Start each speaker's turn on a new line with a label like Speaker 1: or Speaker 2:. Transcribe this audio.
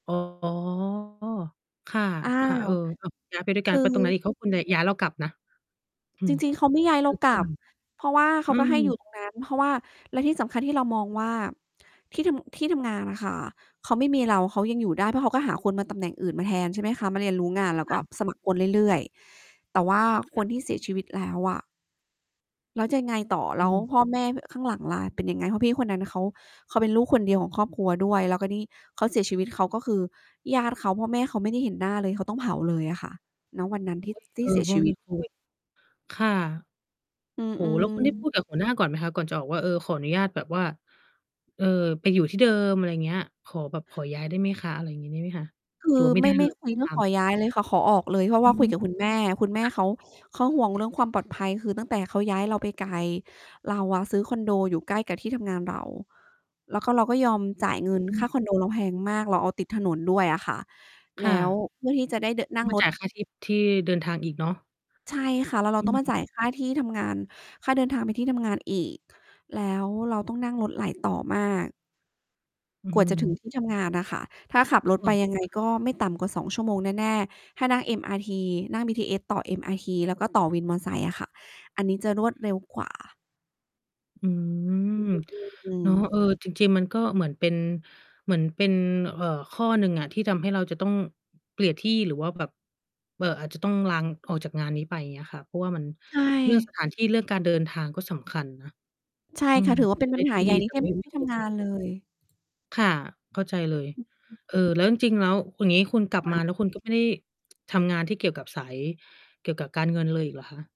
Speaker 1: อ๋อ ค่ะ
Speaker 2: อ่า
Speaker 1: ค่ะ เออ อ้าว ย้าย ไปด้วย
Speaker 2: ค
Speaker 1: กัน
Speaker 2: ือ
Speaker 1: ไปตรงไหนอีก เพราะคุณน่ะย้ายเรากลับนะ อื
Speaker 2: จ
Speaker 1: ม
Speaker 2: ริง ๆ เขาไม่ย้ายเรากลับ
Speaker 1: [unintelligible]
Speaker 2: เพราะว่าเข
Speaker 1: อื
Speaker 2: าก็ให้อยู
Speaker 1: ม
Speaker 2: ่ ตรงนั้น เพราะว่า แล้วที่สำคัญ ที่เรามองว่า ที่ทำ ที่ทำงานน่ะค่ะ เขาไม่มีเรา เขายังอยู่ได้ เพราะเขาก็หาคนมา ตำแหน่งอื่นมาแทนใช่ไหมคะ มาเรียนรู้งาน แล้ว
Speaker 1: ค
Speaker 2: ก
Speaker 1: ่
Speaker 2: ็
Speaker 1: ะ
Speaker 2: สมัครคนเรื่อย ๆ แต่ว่า
Speaker 1: อะฮ
Speaker 2: ค
Speaker 1: ะ
Speaker 2: นที่เสียชีวิตแล้วอะ แล้วจะยังไงต่อ
Speaker 1: อ
Speaker 2: แ
Speaker 1: ื
Speaker 2: ล้ว
Speaker 1: ม
Speaker 2: พ่อแม่ ข้างหลังล่ะ เป็นยังไง? เพราะพี่คนนั้นเขา เขาเป็นลูกคนเดียวของครอบครัวด้วย แล้วก็นี่ เขาเสียชีวิต เขาก็คือ ญาติเขา พ่อแม่เขา ไม่ได้เห็นหน้าเลย เขาต้องเผาเลยอะค่ะ ณ วันนั้น
Speaker 1: โอ้
Speaker 2: ที่
Speaker 1: โฮ
Speaker 2: ท
Speaker 1: เ
Speaker 2: ี
Speaker 1: อ
Speaker 2: ่
Speaker 1: อ
Speaker 2: เสี
Speaker 1: เ
Speaker 2: ย
Speaker 1: พรา
Speaker 2: ช
Speaker 1: ะม
Speaker 2: ี
Speaker 1: ัน
Speaker 2: วิ
Speaker 1: มี
Speaker 2: ต
Speaker 1: โควิด ค่ะ
Speaker 2: อื
Speaker 1: โอ้
Speaker 2: อ
Speaker 1: โฮ แล้ว คุณได้
Speaker 2: ๆ
Speaker 1: พูดกับหัวหน้าก่อนไหมคะ? ก่อนจะออกว่า เออ ขออนุญาตแบบว่า เอ่อ ไปอยู่ที่เดิม อะไรเงี้ย ขอแบบขอย้ายได้ไหมคะ? อะไรงี้ มีไหมคะ?
Speaker 2: คื
Speaker 1: หรื
Speaker 2: อ
Speaker 1: อว่า ไม่
Speaker 2: ไม
Speaker 1: ได
Speaker 2: ่
Speaker 1: ้
Speaker 2: ไ
Speaker 1: เ
Speaker 2: ม
Speaker 1: ล
Speaker 2: ่
Speaker 1: ย
Speaker 2: คุยเรื
Speaker 1: ต
Speaker 2: ่อ
Speaker 1: า
Speaker 2: ง ขอ
Speaker 1: ม
Speaker 2: ย้ายเลยค่ะ ขอออกเลย เพราะ
Speaker 1: อ
Speaker 2: ว่
Speaker 1: ื
Speaker 2: าค
Speaker 1: ม
Speaker 2: ุยกับคุณ แม่ คุณแม่
Speaker 1: ค่ะ
Speaker 2: เขา เขาห่วงเรื่องความปลอดภัย คือตั้งแต่เขาย้ายเราไปไกล เราอะซื้อคอนโดอยู่ใกล้กับที่ทำงานเรา แล้วก็ เราก็ยอมจ่ายเงิน
Speaker 1: อ
Speaker 2: ค
Speaker 1: ื
Speaker 2: ่า
Speaker 1: ม
Speaker 2: คอนโดเราแพงมาก เราเอาติดถนนด้วยอะค่ะ
Speaker 1: ค
Speaker 2: แล
Speaker 1: ่
Speaker 2: ้ว
Speaker 1: ะ
Speaker 2: เพื่อที่จะได้เดอะ น
Speaker 1: ต้
Speaker 2: ั่
Speaker 1: อง
Speaker 2: ง
Speaker 1: ไป
Speaker 2: ร
Speaker 1: จ
Speaker 2: ถ
Speaker 1: ่ายค่าที่ ที่เดินทาง อีกเนาะ
Speaker 2: ใช่ค่ะ แล้วเร
Speaker 1: อ
Speaker 2: าต้องมา
Speaker 1: ืม
Speaker 2: จ่าย ค่า ที่ทำงาน ค่าเดินทางไปที่ทำงานอีก แล้วเราต้องนั่งรถหลายต่อมาก
Speaker 1: อื้อ
Speaker 2: กว
Speaker 1: ฮ
Speaker 2: ่าจะถึ
Speaker 1: ือ
Speaker 2: ง ที่ ทำงานน่ะค่ะ ถ้าขับ
Speaker 1: ค
Speaker 2: รถ
Speaker 1: ่
Speaker 2: ไปยัง ไง
Speaker 1: ะ
Speaker 2: ก็ไม่ต่ำกว่า 2 ชั่วโมงแน่ ๆ ถ้านั่ง MRT นั่ง BTS ต่อ MRT แล้วก็ต่อวินมอไซค์อะค่ะ อันนี้จะรวดเร็ว กว่า
Speaker 1: อืม
Speaker 2: อื
Speaker 1: เ
Speaker 2: ม
Speaker 1: นาะ
Speaker 2: ๆ
Speaker 1: เอ
Speaker 2: ๆ
Speaker 1: อ จริง ๆ มันก็เหมือนเป็น เหมือนเป็น เอ่อ ข้อหนึ่งอะที่ทำให้เราจะต้องเปลี่ยนที่ หรือว่าแบบ เอ่อ อาจจะต้องลางออกจากงานนี้ไป เงี้ยค่ะ เพราะว่ามัน
Speaker 2: ใช
Speaker 1: เรื่อง ส
Speaker 2: ่
Speaker 1: ถานที่ เรื่องการเดินทางก็สำคัญนะ
Speaker 2: ใช่
Speaker 1: อื
Speaker 2: ค่
Speaker 1: ม
Speaker 2: ะ ถือว่า เป็
Speaker 1: จ
Speaker 2: น
Speaker 1: ะ
Speaker 2: ป
Speaker 1: ได
Speaker 2: ั
Speaker 1: ้
Speaker 2: ญห
Speaker 1: ท
Speaker 2: า
Speaker 1: ี่
Speaker 2: ใหญ
Speaker 1: ด
Speaker 2: ่
Speaker 1: ี
Speaker 2: ใน
Speaker 1: แต่
Speaker 2: ที่
Speaker 1: ไ
Speaker 2: ม
Speaker 1: ม่ ไม
Speaker 2: ที
Speaker 1: ่
Speaker 2: ่ท
Speaker 1: คุ้
Speaker 2: ำงา
Speaker 1: ม
Speaker 2: นเลย
Speaker 1: ค่ะ เข้าใจเลย
Speaker 2: อือ
Speaker 1: เอ่อ แล้ว จริง ๆ แล้ว อย่างงี้ คุณกลับ
Speaker 2: ค่
Speaker 1: มา
Speaker 2: ะ
Speaker 1: แล้วคุณ ก็ ไม่ได้ ทำงานที่เกี่ยวกับสาย เกี่ยวกับการเงินเลยอีกเหรอคะ?